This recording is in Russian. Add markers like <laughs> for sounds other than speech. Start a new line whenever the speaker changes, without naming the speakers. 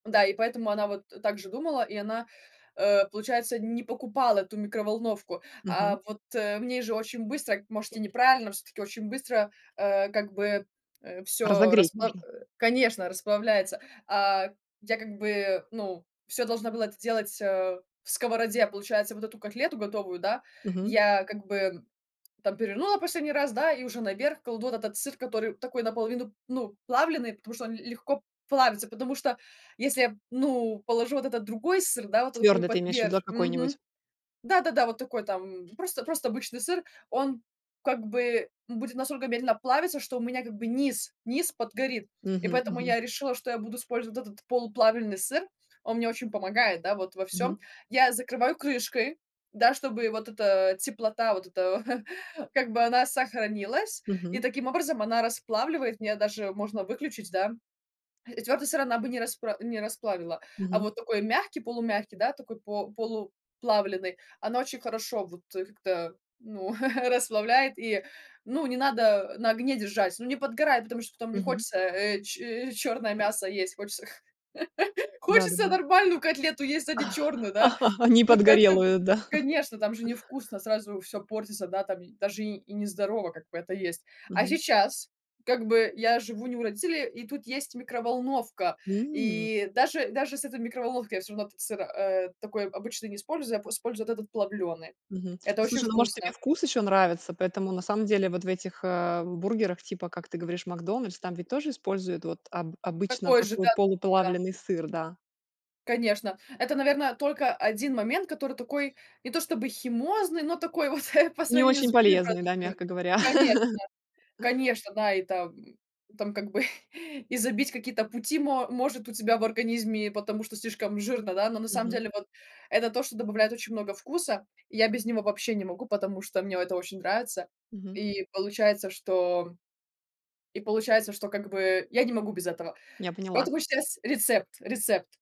Да, и поэтому она вот, э, так же думала, и она, э, получается, не покупала эту микроволновку. А
Мгм.
вот, э, в ней же очень быстро, может и неправильно, всё-таки очень быстро, э, как бы, э, всё
Разогреть
расплав
нужно.
э, конечно, расплавляется. А, я как бы, ну, всё должна была это сделать, э, в сковороде, получается, вот эту котлету готовую, да,
Мгм.
я как бы, м, там перевернула последний раз, да, и уже наверх кладу вот этот сыр, который такой наполовину, ну, плавленый, потому что он ль легко плавится. Потому что если я, п ну, положу вот этот другой сыр, да, вот, э, такой
Твердый ты имеешь в виду, а,
потверже Мгм.
какой-нибудь?
Да-да-да, вот такой там просто, просто обычный сыр, он как бы будет настолько медленно плавиться, что у меня как бы низ низ подгорит. И
Мгм.
поэтому
Мгм.
я решила, что я буду использовать вот этот полуплавельный сыр. Он мне очень помогает, да, вот во всём.
Мгм.
Я закрываю крышкой, да, чтобы вот эта теплота, вот эта <chuckles> как бы она сохранилась, и
Мгм.
таким образом она расплавливает. Мне даже можно выключить, да, и твёрдый сыр она бы не распра не расплавила, а
Мгм.
вот такой мягкий, полумягкий, да. Такой по полуплавленый, она очень хорошо вот, э, как-то, ну, <chuckles> расслабляет, и, ну, не надо, а, на огне держать. Ну, не подгорает, потому что потом не
Мгм.
хочется, э, чи чёрное мясо есть, хочется, х <chuckles> хочется
Да-да-да.
нормальную котлету есть, а не чёрную, да?
<laughs> Не
Ну и к этому
подгорелую, да? <chuckles>
конечно, там же не вкусно, сразу всё портится, да, там и даже, и, и не здорово, как бы, это есть. А
Мгм.
сейчас, как бы, я живу не у родителей, и тут есть микроволновка,
М.
и даже даже с этой микроволновкой я всё равно этот сыр, э, такой обычно не использую, п использую вот этот плавлёный.
Мгм. Ну,
Это очень
слушай, ну, может, тебе
вкусно.
вкус ещё нравится, поэтому на самом деле вот в этих, э, в бургерах, типа, как ты говоришь, "Макдональдс", там ведь тоже используют вот об обычно
Такой же,
такой
да-да-да.
полуплавленый сыр, да.
Конечно. Это, наверно, только 1 момент, который такой не то чтобы химозный, но такой вот, э, по
Не
сравнению с
очень
другими
полезный, да,
продуктами.
мягко говоря.
Конечно
<laughs>
конечно, да, и там, м, там как бы <chuckles> и забить какие-то пути мо может у тебя в организме, и потому что слишком жирно, да, но на самом
Мгм.
деле вот это то, что добавляет очень много вкуса. И я без него вообще не могу, потому что мне это очень нравится.
Мгм.
И получается, что и получается, что, как бы, я не могу без этого.
Я поняла.
Поэтому щас рецепт рецепт.